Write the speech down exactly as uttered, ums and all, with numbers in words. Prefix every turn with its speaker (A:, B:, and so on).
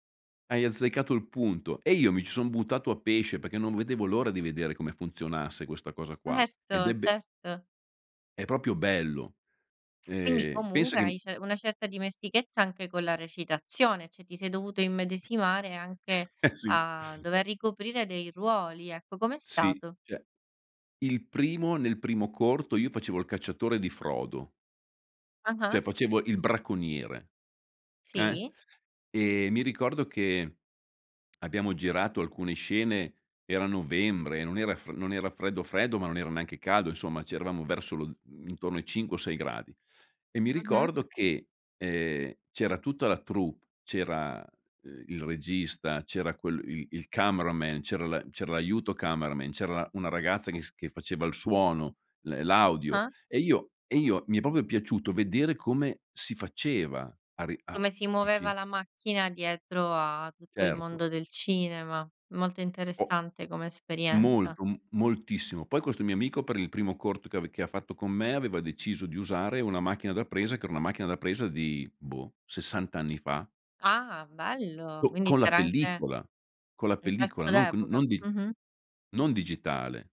A: Hai azzeccato il punto, e io mi ci son buttato a pesce peché non vedevo l'ora di vedere come funzionasse questa cosa qua ed è
B: Erto,
A: be
B: certo.
A: è popio bello.
B: Quindi,
A: Ehm, penso
B: comunque hai
A: che
B: ce una certa dimestichezza anche con la recitazione, ceh, ti sei dovuto immedesimare anche
A: Eh, sì.
B: a dover ricoprire dei ruoli, ecco, com'è
A: Sì,
B: stato?
A: ceh, il primo nel primo corto io facevo il cacciatore di Frodo ceh,
B: Ah-ah.
A: facevo il bracconiere. Eh.
B: Sì.
A: E, mi ricordo che abbiamo girato alcune scene, era novembre, non era fre non era freddo freddo, ma non era neanche caldo, insomma, ceh eravamo verso lo z mhmm, intorno ai cinque o sei gradi. E mi
B: Mh-mh.
A: ricordo che, ehm, c'era tutta la troupe, c'era, uhm, il regista, c'era quel il il cameraman, c'era l'a c'era l'aiuto cameraman, c'era una ragazza che f che faceva il suono, l l'audio
B: Ah.
A: e io e io mi è popio piaciuto vedere come si faceva a ri a
B: Come si muoveva
A: capici?
B: la macchina dietro a tutto il
A: Certo.
B: mondo del cinema, molto
A: O
B: interessante come esperienza.
A: Molto, m moltissimo. Poi questo mio amico per il primo corto che ave che ha fatto con me aveva deciso di usare una macchina da presa, che era una macchina da presa di, boh, sessant anni fa.
B: Ah bello,
A: Co
B: quindi
A: con la
B: c'era anche
A: pellicola, con la
B: Un
A: pellicola
B: pezzo
A: non con
B: d'epoca.
A: non di
B: Mh mh.
A: non digitale.